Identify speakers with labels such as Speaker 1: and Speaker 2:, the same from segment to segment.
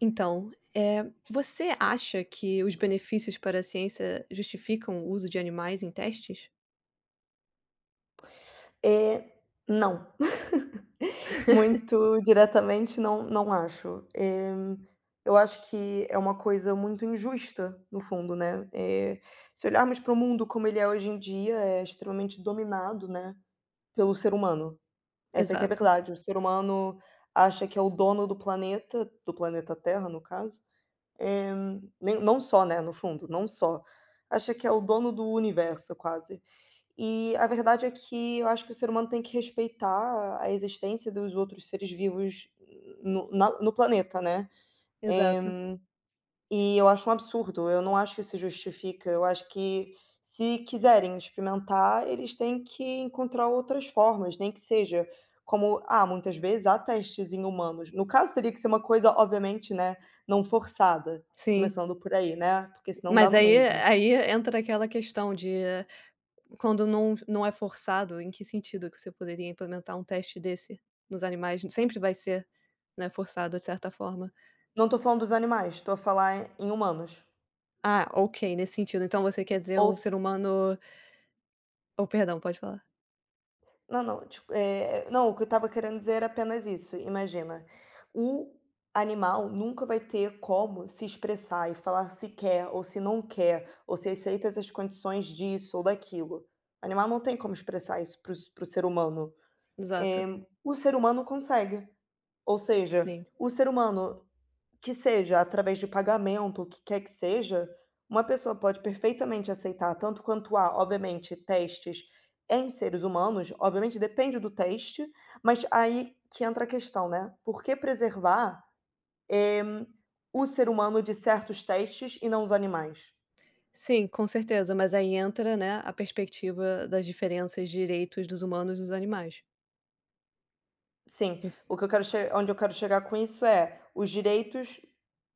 Speaker 1: Então, eh, você acha que os benefícios para a ciência justificam o uso de animais em testes?
Speaker 2: Eh, não. Muito diretamente não não acho, eh, eu acho que é uma coisa muito injusta, no fundo, né, eh, se olharmos para o mundo como ele é hoje em dia é extremamente dominado, né, pelo ser humano, essa é que é a
Speaker 1: Exato.
Speaker 2: verdade, o ser humano acha que é o dono do planeta, do planeta Terra no caso, eh, nem não só, né, no fundo, não só, acha que é o dono do universo quase. E a verdade, é que eu acho que o ser humano tem que respeitar a existência dos outros seres vivos no na no planeta, né,
Speaker 1: Exato.
Speaker 2: eh, e eu acho um absurdo, eu não acho que isso justifica, eu acho que se quiserem experimentar, eles têm que encontrar outras formas nem que seja como, ah, muitas vezes há testes em humanos, no caso teria que ser uma coisa obviamente, né, não forçada,
Speaker 1: Sim.
Speaker 2: começando por aí, né, porque senão dá
Speaker 1: Mas
Speaker 2: no
Speaker 1: aí e
Speaker 2: mesmo.
Speaker 1: aí entra aquela questão de quando não não é forçado em que sentido que você poderia implementar um teste desse nos animais, sempre vai ser, né, forçado de certa forma.
Speaker 2: Não tô falando dos animais, tô a falar em humanos.
Speaker 1: Ah, ok, nesse sentido, então você quer dizer
Speaker 2: Ou
Speaker 1: um
Speaker 2: se
Speaker 1: ser humano oh, perdão, pode falar.
Speaker 2: Não, não. Tipo, eh, não, o que eu estava querendo dizer era apenas isso, imagina: o animal nunca vai ter como se expressar e falar se quer ou se não quer, ou se aceita essas condições disso ou daquilo. Animal não tem como expressar isso para o s para o ser humano.
Speaker 1: Exato.
Speaker 2: Eh, o ser humano consegue, ou seja,
Speaker 1: Sim.
Speaker 2: o ser humano, que seja através de pagamento o que quer que seja, uma pessoa pode perfeitamente aceitar tanto quanto a, obviamente, testes em seres humanos, obviamente depende do teste, mas aí que entra a questão, né, por que preservar, eh, o ser humano de certos testes e não os animais?
Speaker 1: Sim, com certeza, mas aí entra, né, a perspectiva das diferenças de direitos dos humanos e dos animais.
Speaker 2: Sim,
Speaker 1: Hum.
Speaker 2: o que eu quero che onde eu quero chegar com isso é: os direitos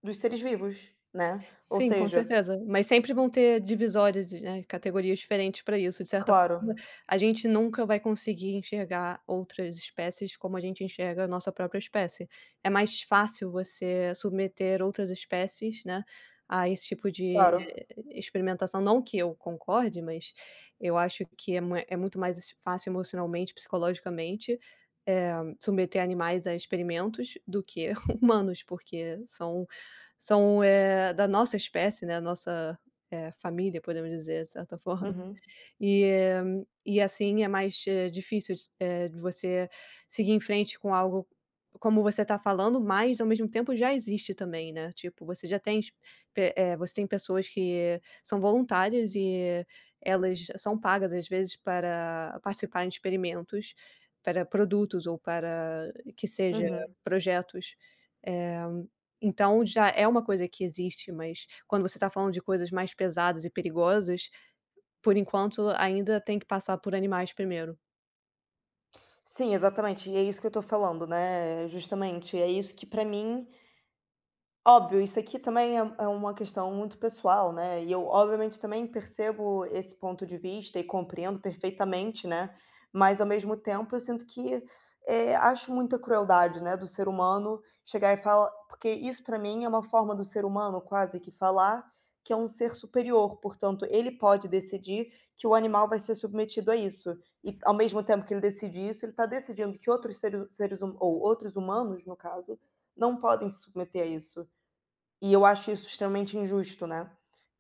Speaker 2: dos seres vivos, né, ou
Speaker 1: Sim, com
Speaker 2: seja
Speaker 1: certeza, mas sempre vão ter divisórias e, né, categorias diferentes pra isso. De certa forma,
Speaker 2: Claro.
Speaker 1: a gente nunca vai conseguir enxergar outras espécies como a gente enxerga a nossa própria espécie. É mais fácil você submeter outras espécies, né, a esse tipo de
Speaker 2: Claro.
Speaker 1: experimentação, não que eu concorde, mas eu acho que é mui é muito mais es fácil emocionalmente, psicologicamente, eh, submeter animais a experimentos do que humanos porque são são, eh, da nossa espécie, né, a nossa, eh, família, podemos dizer de certa forma.
Speaker 2: Uhum.
Speaker 1: E e assim é mais, eh, difícil de s eh, de você seguir em frente com algo como você tá falando, mas, ao mesmo tempo, já existe também, né, tipo, você já tem ex pe eh, você tem pessoas que são voluntárias e elas são pagas às vezes para participarem de experimentos para produtos ou para, que seja,
Speaker 2: Uhum.
Speaker 1: projetos. Eh, então já é uma coisa que existe, mas quando você tá falando de coisas mais pesadas e perigosas, por enquanto ainda tem que passar por animais primeiro.
Speaker 2: Sim, exatamente, e é isso que eu tô falando, né, eh, justamente, é isso que, pra mim óbvio, isso aqui também é um é uma questão muito pessoal, né, e eu obviamente também percebo esse ponto de vista e compreendo perfeitamente, né, mas, ao mesmo tempo, eu sinto que eh, acho muita crueldade, né, do ser humano chegar e falar porque isso pra mim é uma forma do ser humano quase que falar que é um ser superior, portanto ele pode decidir que o animal vai ser submetido a isso e, ao mesmo tempo que ele decide isso, ele tá decidindo que outros seres seres huma ou outros humanos, no caso, não podem se submeter a isso. E eu acho isso extremamente injusto, né.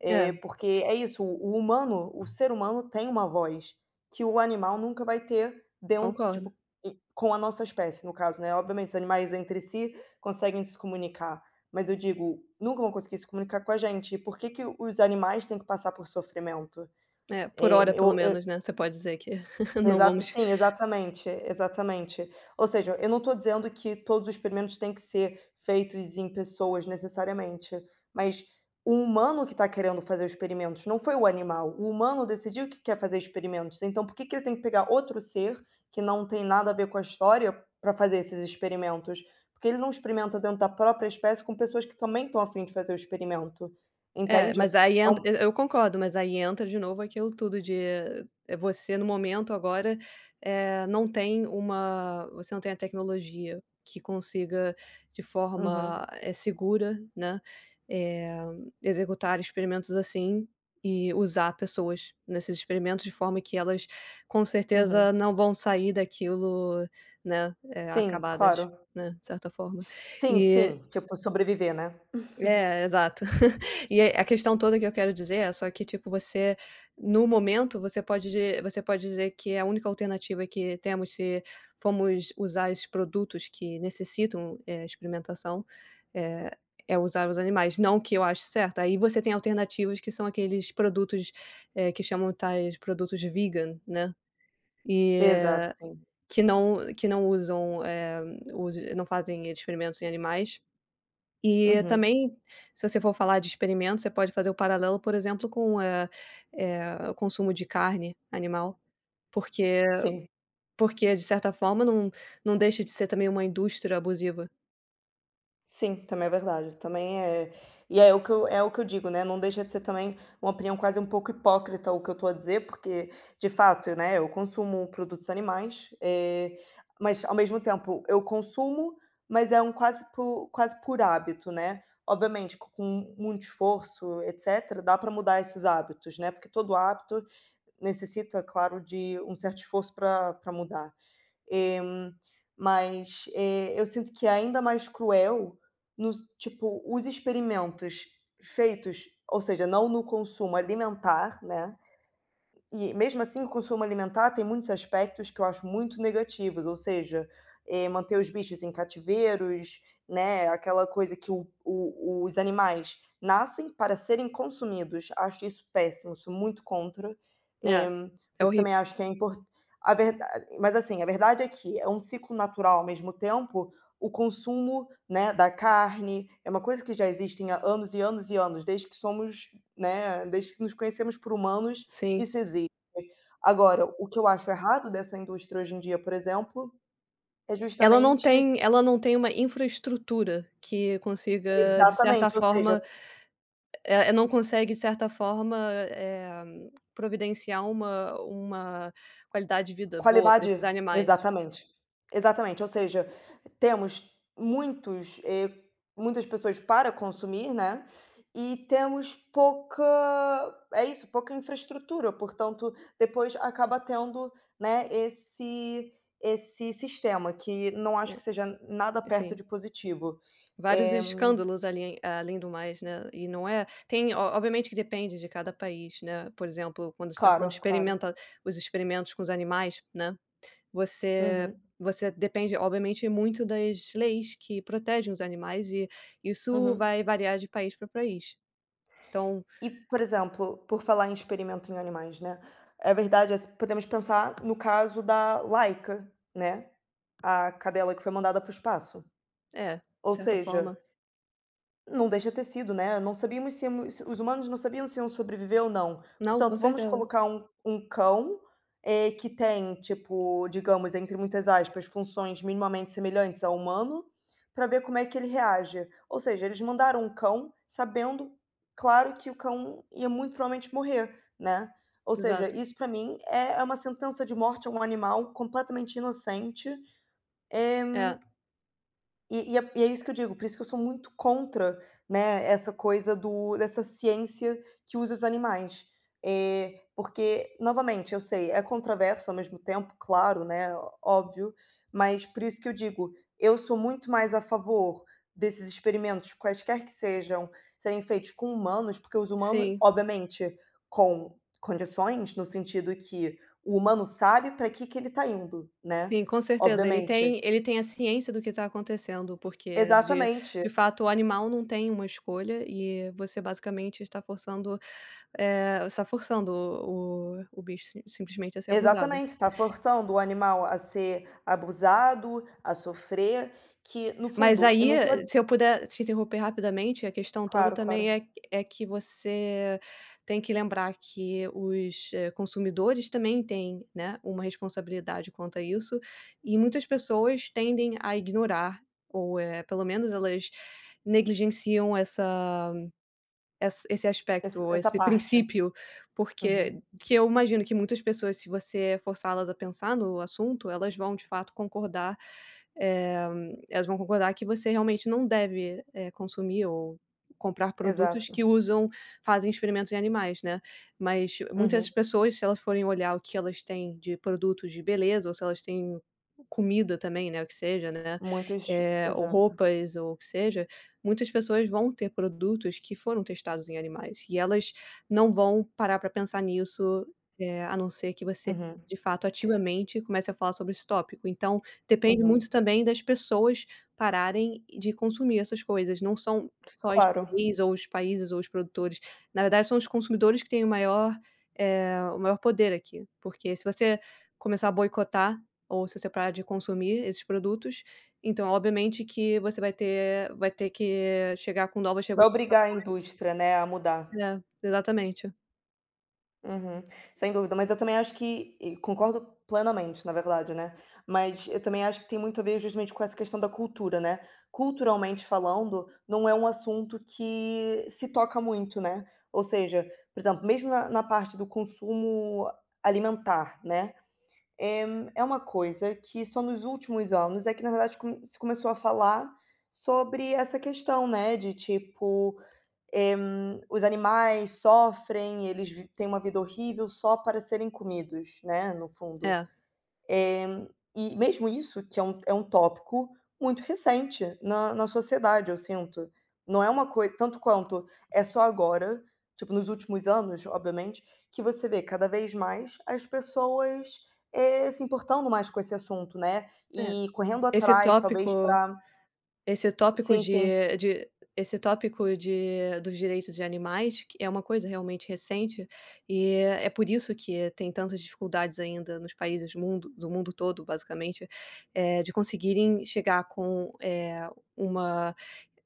Speaker 2: Eh,
Speaker 1: Hã.
Speaker 2: porque é isso, o o humano, o ser humano tem uma voz, que o animal nunca vai ter den
Speaker 1: Concordo.
Speaker 2: tipo, hum, com a nossa espécie, no caso, né, obviamente os animais entre si conseguem se comunicar, mas, eu digo, nunca vão conseguir se comunicar com a gente, e por que que os animais têm que passar por sofrimento?
Speaker 1: É, por
Speaker 2: Eh,
Speaker 1: hora pelo
Speaker 2: eu, hã
Speaker 1: menos, né, você pode dizer que não
Speaker 2: Exato,
Speaker 1: vamos
Speaker 2: sim, exatamente, exatamente. Ou seja, eu não tô dizendo que todos os experimentos têm que ser feitos em pessoas necessariamente, mas o humano que tá querendo fazer experimentos, não foi o animal, o humano decidiu que quer fazer experimentos. Então, por que que ele tem que pegar outro ser, que não tem nada a ver com a história, pra fazer esses experimentos? Por que ele não experimenta dentro da própria espécie com pessoas que também estão a fim de fazer o experimento?
Speaker 1: É,
Speaker 2: Entende?
Speaker 1: mas, aí,
Speaker 2: É
Speaker 1: entra
Speaker 2: um
Speaker 1: e eu concordo, mas, aí, entra de novo aquilo tudo de eh, ah, é você no momento agora, eh, não tem uma você não tem a tecnologia que consiga de forma,
Speaker 2: Uhum.
Speaker 1: eh, segura, né, eh, executar experimentos assim e usar pessoas nesses experimentos de forma que elas, com
Speaker 2: Uhum.
Speaker 1: certeza, não vão sair daquilo, né, eh,
Speaker 2: Sim,
Speaker 1: acabadas,
Speaker 2: claro.
Speaker 1: né, de certa forma,
Speaker 2: Sim,
Speaker 1: e
Speaker 2: sim. Tipo, sobreviver, né?
Speaker 1: É, exato. E a questão toda que eu quero dizer, é só que, tipo, você, no momento, você pode di você pode dizer que é a única alternativa que temos se fomos usar esses produtos que necessitam, eh, experimentação, eh, é usar os animais. Não que eu ache certo. Aí, você tem alternativas que são aqueles produtos, eh, que chamam, tais, produtos vegan, né. E
Speaker 2: Exato, sim.
Speaker 1: que não que não usam, eh, usem não fazem experimentos em animais. E,
Speaker 2: Uhum.
Speaker 1: também, se você for falar de experimentos, você pode fazer o paralelo, por exemplo, com o, é eh, o consumo de carne animal, porque, eh,
Speaker 2: Sim.
Speaker 1: porque de certa forma não não deixa de ser também uma indústria abusiva.
Speaker 2: Sim, também é verdade, também é e é o que eu é o que eu digo, né, não deixa de ser também uma opinião quase um pouco hipócrita o que eu estou a dizer, porque de fato, né, eu consumo produtos animais, eh, mas ao mesmo tempo eu consumo, mas é um quase por quase por hábito, né. Obviamente com muito esforço, etc dá para mudar esses hábitos, né, porque todo hábito necessita claro de um certo esforço pra pra mudar, eh, mas eu sinto que é ainda mais cruel, nos tipo os experimentos feitos, ou seja não no consumo alimentar, né, e mesmo assim o consumo alimentar tem muitos aspectos que eu acho muito negativos ou seja, eh, manter os bichos em cativeiros, né, é aquela coisa que o o os animais nascem para serem consumidos, acho isso péssimo, sou muito contra, é
Speaker 1: É,
Speaker 2: por
Speaker 1: é
Speaker 2: isso eu
Speaker 1: horrível.
Speaker 2: também acho que é impor a verda mas, assim, a verdade é que é um ciclo natural ao mesmo tempo, o consumo, né, da carne, é uma coisa que já existem, há, anos e anos e anos desde que somos, né, desde que nos conhecemos por humanos,
Speaker 1: Sim.
Speaker 2: isso existe. Agora o que eu acho errado dessa indústria hoje em dia por exemplo, é
Speaker 1: Ela não
Speaker 2: justamente
Speaker 1: tem ela não tem uma infraestrutura que consiga de certa
Speaker 2: Exatamente ou seja
Speaker 1: forma, eh, não consegue de certa forma, eh, providenciar uma uma qualidade de vida boa para esses
Speaker 2: Qualidade.
Speaker 1: animais.
Speaker 2: Exatamente. Exatamente ou seja, temos muitos, eh, muitas pessoas para consumir, né, e temos pouca, é isso, pouca infraestrutura, portanto, depois acaba tendo, né, esse, esse sistema que não acho que seja nada
Speaker 1: É
Speaker 2: perto
Speaker 1: sim
Speaker 2: de positivo,
Speaker 1: vários
Speaker 2: eh.
Speaker 1: escândalos ali além do mais, né, e não é, tem o obviamente que depende de cada país, né, por exemplo quando você está falando de
Speaker 2: Claro,
Speaker 1: experimento
Speaker 2: claro.
Speaker 1: os experimentos com os animais, né, você
Speaker 2: Uhum.
Speaker 1: você depende obviamente muito das leis que protegem os animais e, isso
Speaker 2: Uhum.
Speaker 1: vai variar de país pra país, então
Speaker 2: E por exemplo, por falar em experimentos em animais, né, a verdade é, se podemos pensar no caso da Laica, né, a cadela que foi mandada para o espaço.
Speaker 1: É,
Speaker 2: Ou
Speaker 1: de certa
Speaker 2: seja
Speaker 1: forma.
Speaker 2: não deixa ter sido, né, não sabíamos se os humanos não sabiam se iam sobreviver ou não.
Speaker 1: Não, com
Speaker 2: Portanto vamos
Speaker 1: certeza.
Speaker 2: colocar um um cão, eh, que tem tipo, digamos, entre muitas aspas funções minimamente semelhantes a humano, para ver como é que ele reage, ou seja eles mandaram um cão sabendo, claro que o cão ia muito provavelmente morrer, né. Ou seja,
Speaker 1: Exato.
Speaker 2: isso para mim é é uma sentença de morte a um animal completamente inocente. Eh,
Speaker 1: É.
Speaker 2: e e é e é isso que eu digo, por isso que eu sou muito contra, né, essa coisa do dessa ciência que usa os animais. Eh, porque, novamente eu sei é controverso ao mesmo tempo claro, né, óbvio, mas por isso que eu digo, eu sou muito mais a favor desses experimentos quaisquer que sejam, serem feitos com humanos, porque os humanos
Speaker 1: Sim.
Speaker 2: obviamente, com condições no sentido que, o humano sabe para que que ele está indo, né,
Speaker 1: Sim, com certeza, ele
Speaker 2: obviamente.
Speaker 1: tem ele tem a ciência do que está acontecendo porque de
Speaker 2: Exatamente.
Speaker 1: de fato o animal não tem uma escolha, e você basicamente está forçando, eh, está forçando o o bicho simplesmente a ser abusado.
Speaker 2: Exatamente está forçando o animal a ser abusado, a sofrer, que no
Speaker 1: Mas
Speaker 2: fundo eu
Speaker 1: aí,
Speaker 2: não estou a
Speaker 1: se eu puder te interromper rapidamente, a questão toda
Speaker 2: Claro,
Speaker 1: também
Speaker 2: claro.
Speaker 1: é é que você tem que lembrar que os consumidores também têm, né, uma responsabilidade quanto a isso, e muitas pessoas tendem a ignorar, ou, eh, pelo menos elas negligenciam essa essa esse aspecto
Speaker 2: Esse
Speaker 1: ou
Speaker 2: essa
Speaker 1: esse
Speaker 2: parte.
Speaker 1: princípio,
Speaker 2: Uhum.
Speaker 1: porque que eu imagino que muitas pessoas se você forçá-las a pensar no assunto, elas vão de fato concordar, eh, elas vão concordar que você realmente não deve, eh, consumir ou comprar produtos
Speaker 2: Exato.
Speaker 1: que usam, fazem experimentos em animais, né. Mas muitas
Speaker 2: Uhum.
Speaker 1: pessoas se elas forem olhar o que elas têm de produtos de beleza ou se elas têm comida também, né, o que seja, né,
Speaker 2: Muitos,
Speaker 1: eh, ou
Speaker 2: exato.
Speaker 1: roupas ou o que seja, muitas pessoas vão ter produtos que foram testados em animais, e elas não vão parar para pensar nisso, eh, a não ser que você
Speaker 2: Uhum.
Speaker 1: de fato ativamente comece a falar sobre esse tópico. Então, depende
Speaker 2: Uhum.
Speaker 1: muito também das pessoas pararem de consumir essas coisas, não são só
Speaker 2: Claro.
Speaker 1: os países ou os produtores, na verdade são os consumidores que têm o maior, eh, o maior poder aqui, porque se você começar a boicotar, ou se você parar de consumir esses produtos, então obviamente que você vai ter vai ter que chegar com novas
Speaker 2: Vai obrigar a
Speaker 1: regulamentações.
Speaker 2: indústria, né, a mudar.
Speaker 1: É, exatamente.
Speaker 2: Uhum, sem dúvida, mas eu também acho que e concordo plenamente na verdade, né, mas eu também acho que tem muito a ver justamente com essa questão da cultura, né, culturalmente falando, não é um assunto que se toca muito, né, ou seja, por exemplo, mesmo na na parte do consumo alimentar, né, é é uma coisa que só nos últimos anos é que na verdade com se começou a falar sobre essa questão, né, de tipo: "Eh, os animais sofrem, eles vi têm uma vida horrível só para serem comidos", né, no fundo.
Speaker 1: É.
Speaker 2: Eh, e mesmo isso que é um é um tópico muito recente na na sociedade, eu sinto, não é uma coi tanto quanto, é só agora, tipo nos últimos anos, obviamente, que você vê, cada vez, mais as pessoas, eh, se importando mais com esse assunto, né,
Speaker 1: É,
Speaker 2: e correndo
Speaker 1: esse
Speaker 2: atrás talvez
Speaker 1: tópico
Speaker 2: pra
Speaker 1: esse tópico
Speaker 2: Sim, sim.
Speaker 1: de de esse tópico de dos direitos de animais que é uma coisa realmente recente, e é é por isso que tem tantas dificuldades ainda nos países mundo do mundo todo, basicamente, eh, de conseguirem chegar com, eh, uma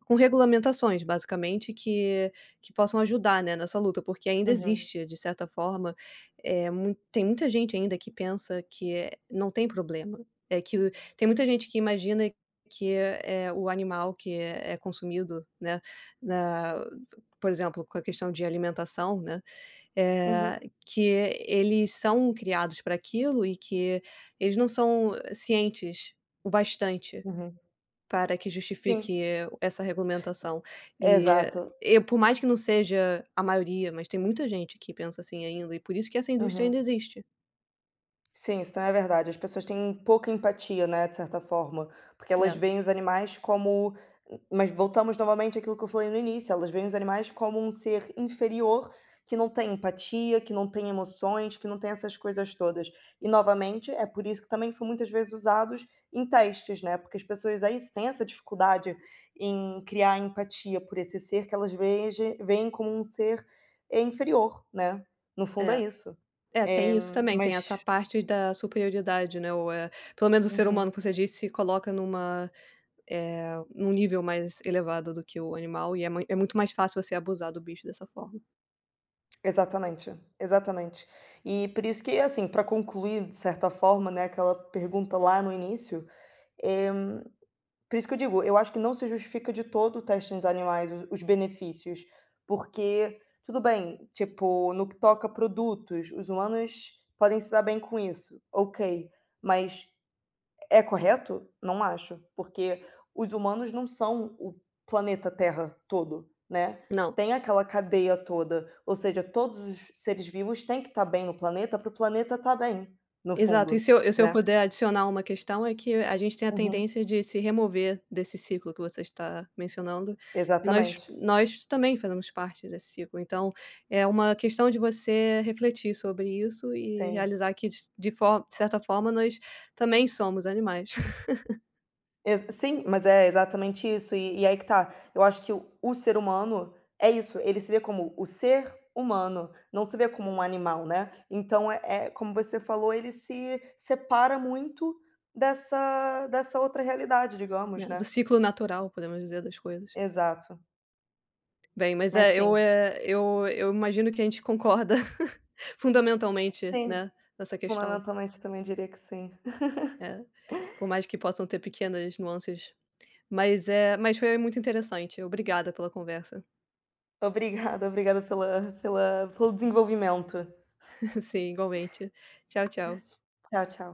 Speaker 1: com regulamentações, basicamente, que que possam ajudar, né, nessa luta, porque ainda
Speaker 2: Uhum.
Speaker 1: existe, de certa forma, eh, mui tem muita gente ainda que pensa que, eh, não tem problema, é que, tem muita gente que imagina que é o animal que é é consumido, né, na por exemplo, com a questão de alimentação, né, eh,
Speaker 2: Uhum.
Speaker 1: que eles são criados para aquilo e que eles não são cientes o bastante,
Speaker 2: Uhum.
Speaker 1: para que
Speaker 2: Sim.
Speaker 1: justifique essa regulamentação. Eh,
Speaker 2: Exato.
Speaker 1: e por mais que não seja a maioria, mas tem muita gente que pensa assim ainda e por isso que essa indústria
Speaker 2: Uhum.
Speaker 1: ainda existe.
Speaker 2: Sim, isso também é verdade, as pessoas têm pouca empatia, né, de certa forma, porque elas
Speaker 1: É.
Speaker 2: veem os animais como m mas voltamos novamente aquilo que eu falei no início, elas veem os animais como um ser inferior, que não tem empatia, que não tem emoções, que não tem essas coisas todas. E novamente, é por isso que também são muitas vezes usados em testes, né, porque as pessoas é isso têm essa dificuldade em criar empatia por esse ser que elas vejem veem como um ser, é inferior, né, no fundo é
Speaker 1: É,
Speaker 2: isso.
Speaker 1: é
Speaker 2: Eh,
Speaker 1: tem isso também, tem essa
Speaker 2: mas
Speaker 1: parte da superioridade, né ou é, pelo menos o ser humano
Speaker 2: Uhum.
Speaker 1: que você disse, se coloca numa eh, num nível mais elevado do que o animal e é mui é muito mais fácil você abusar do bicho dessa forma.
Speaker 2: Exatamente, exatamente. Eh, por isso que, assim, pra concluir, de certa forma, né, aquela pergunta lá no início, eh, por isso que eu digo, eu acho que não se justifica de todo o teste nos animais, os benefícios, porque tudo bem, tipo, no que toca produtos, os humanos podem se dar bem com isso, ok, mas, é correto? Não acho! Porque os humanos não são o planeta Terra todo, né,
Speaker 1: Não.
Speaker 2: tem aquela cadeia toda, ou seja todos os seres vivos têm que tá bem no planeta para o planeta tá bem, no
Speaker 1: Exato, e
Speaker 2: fundo,
Speaker 1: se eu e se eu
Speaker 2: né?
Speaker 1: puder adicionar uma questão, é que a gente tem a
Speaker 2: Uhum.
Speaker 1: tendência de se remover desse ciclo que você está mencionando, e nós
Speaker 2: Exatamente.
Speaker 1: nós também fazemos parte desse ciclo, então, é uma questão de você refletir sobre isso e
Speaker 2: Sim.
Speaker 1: realizar que dis de for certa forma nós, também somos animais.
Speaker 2: Exa sim, mas é exatamente isso e e aí, que tá, eu acho que o o ser humano é isso, ele se vê como o ser humano, não se vê como um animal, né, então é é como você falou ele se separa muito dessa dessa outra realidade, digamos
Speaker 1: Né, do
Speaker 2: né.
Speaker 1: ciclo natural podemos dizer das coisas.
Speaker 2: Exato.
Speaker 1: Bem mas
Speaker 2: Mas
Speaker 1: é eu
Speaker 2: sim.
Speaker 1: é eu eu imagino que a gente concorda, fundamentalmente
Speaker 2: Sim,
Speaker 1: né, nessa
Speaker 2: falando
Speaker 1: questão.
Speaker 2: atualmente também diria que sim.
Speaker 1: É, por mais que possam ter pequenas nuances mas é mas foi muito interessante, obrigada pela conversa.
Speaker 2: Obrigada, obrigada pela pela pelo desenvolvimento.
Speaker 1: Sim igualmente, tchau, tchau.
Speaker 2: Tchau, tchau.